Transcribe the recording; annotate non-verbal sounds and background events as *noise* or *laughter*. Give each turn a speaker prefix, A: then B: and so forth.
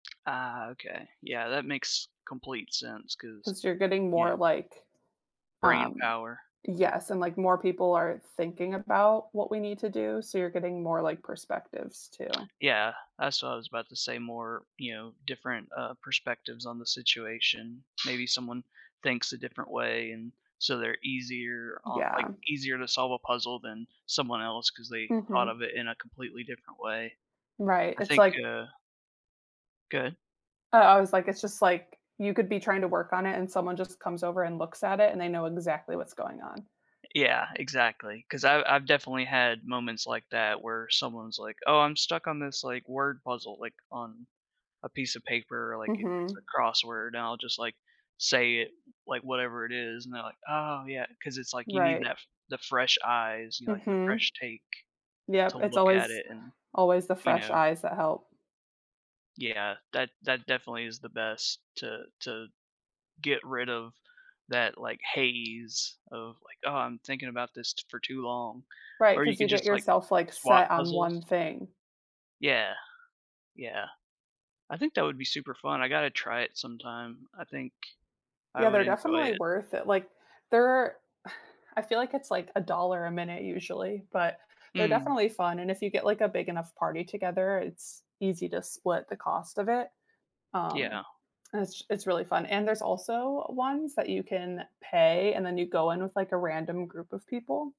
A: Uh, okay. Yeah, that makes complete sense 'cause,
B: 'Cause you're getting
A: you
B: more
A: know
B: like,
A: brain
B: um
A: power.
B: yes, and, like, more people are thinking about what we need to do, so you're getting more, like, perspectives too.
A: Yeah, that's what I was about to say more you know, different, uh, perspectives on the situation. Maybe someone thinks a different way, and so they're easier o like,
B: Yeah.
A: easier to solve a puzzle than someone else 'cause they thought
B: Mhm.
A: of it in a completely different way.
B: Right,
A: I
B: it's
A: think,
B: like
A: uh Good.
B: I I was like it's just like, you could be trying to work on it, and someone just comes over and looks at it, and they know exactly what's going on.
A: Yeah, exactly. 'Cause I I've definitely had moments like that, where someone's, like, "Oh, I'm stuck on this, like, word puzzle," like on a piece of paper, like, if it's
B: Mhm.
A: a crossword, and I'll just, like, say it, like, whatever it is, and they're like, "Oh yeah." Cause it's like, you need
B: Right.
A: that the fresh eyes, you know, like, the
B: Mhm.
A: fresh take
B: Yep,
A: to
B: it's
A: look at
B: always
A: it and,
B: always the
A: you
B: fresh
A: know.
B: eyes that help.
A: Yeah, that that definitely is the best to to get rid of that, like, haze of, like, "Oh, I'm thinking about this for too long."
B: Right,
A: Or you
B: 'cause you
A: could
B: get
A: just, like,
B: yourself, like,
A: swap
B: set on 1
A: puzzles?
B: thing.
A: Yeah, yeah, I think that would be super fun, I gotta try it sometime. I think I
B: Yeah,
A: would
B: they're
A: enjoy
B: definitely
A: it.
B: worth it, like, they're *sighs* I feel like it's like $1 a minute usually, but they're
A: Mm.
B: definitely fun, and if you get, like, a big enough party together, it's easy to split the cost of it. Um,
A: Yeah.
B: it's it’s really fun, and there's also ones that you can pay and then you go in with, like, a random group of people.